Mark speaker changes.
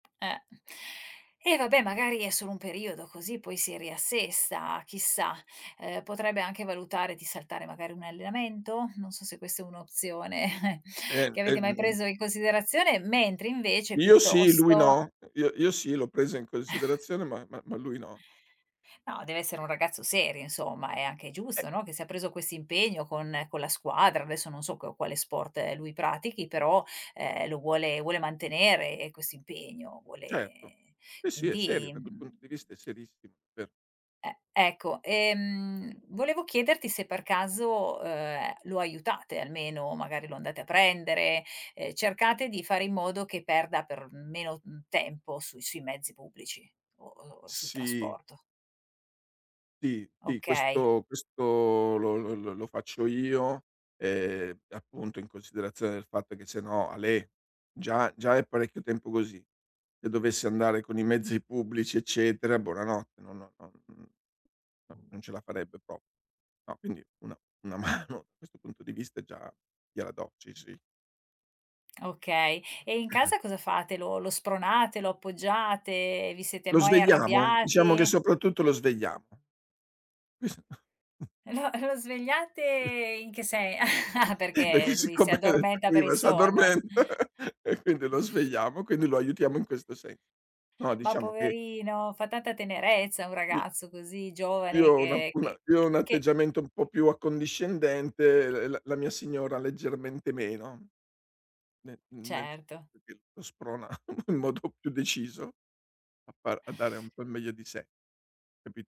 Speaker 1: Eh. Eh vabbè, magari è solo un periodo così, poi si riassesta, chissà. Ehm, potrebbe anche valutare di saltare magari un allenamento? Non so se questa è un'opzione
Speaker 2: E,
Speaker 1: che avete mai
Speaker 2: ehm
Speaker 1: preso in considerazione, mentre invece
Speaker 2: Io sì, lui
Speaker 1: piuttosto
Speaker 2: no. Io io sì, l'ho presa in considerazione, ma ma ma lui no.
Speaker 1: No, deve essere un ragazzo serio, insomma, è anche
Speaker 2: Eh.
Speaker 1: giusto, no, che se ha preso questo impegno con con la squadra, adesso non so qua quale sport lui pratichi, però, ehm, lo vuole vuole mantenere eh, questo impegno,
Speaker 2: Certo.
Speaker 1: vuole
Speaker 2: Sì, sì è serio.
Speaker 1: quindi,
Speaker 2: Da quel punto
Speaker 1: mhmm
Speaker 2: di vista è serissimo. Ver
Speaker 1: E ecco. Ehm, volevo chiederti se per caso, ehm, lo aiutate almeno, magari lo andate a prendere, ehm, cercate di fare in modo che perda per meno. mhmm, tempo sui sui mezzi pubblici, o o sul
Speaker 2: Sì.
Speaker 1: trasporto?
Speaker 2: Sì, sì,
Speaker 1: Okay.
Speaker 2: questo questo lo lo lo lo faccio io, ehm, appunto in considerazione del fatto che se no, alè: già già è parecchio tempo così; se dovesse andare con i mezzi pubblici, eccetera, buonanotte, no no non n no, non ce la farebbe pro No, quindi una una mano, questo punto di vista già gliela do. Ci, sì.
Speaker 1: Okay. E in casa cosa fate? Lo lo spronate, lo appoggiate, vi siete
Speaker 2: Lo
Speaker 1: mai
Speaker 2: svegliamo? Diciamo che
Speaker 1: arrabbiati?
Speaker 2: soprattutto lo svegliamo.
Speaker 1: Lo lo svegliate in che se
Speaker 2: Beh che
Speaker 1: perché lui si
Speaker 2: siccome
Speaker 1: addormenta per il
Speaker 2: prima
Speaker 1: sonno.
Speaker 2: s'addormenta, e quindi lo svegliamo, quindi lo aiutiamo in questo se no,
Speaker 1: Ma
Speaker 2: diciamo che
Speaker 1: poverino! Fa tanta tenerezza un
Speaker 2: I
Speaker 1: ragazzo così
Speaker 2: io
Speaker 1: giovane
Speaker 2: ho una
Speaker 1: che
Speaker 2: una
Speaker 1: che
Speaker 2: io
Speaker 1: c
Speaker 2: ho un
Speaker 1: che
Speaker 2: atteggiamento un po' più accondiscendente, l la la mia signora leggermente meno. Ne nel
Speaker 1: Certo.
Speaker 2: senso che lo sprona in modo più deciso a far a dare un po' il meglio di sé. Capi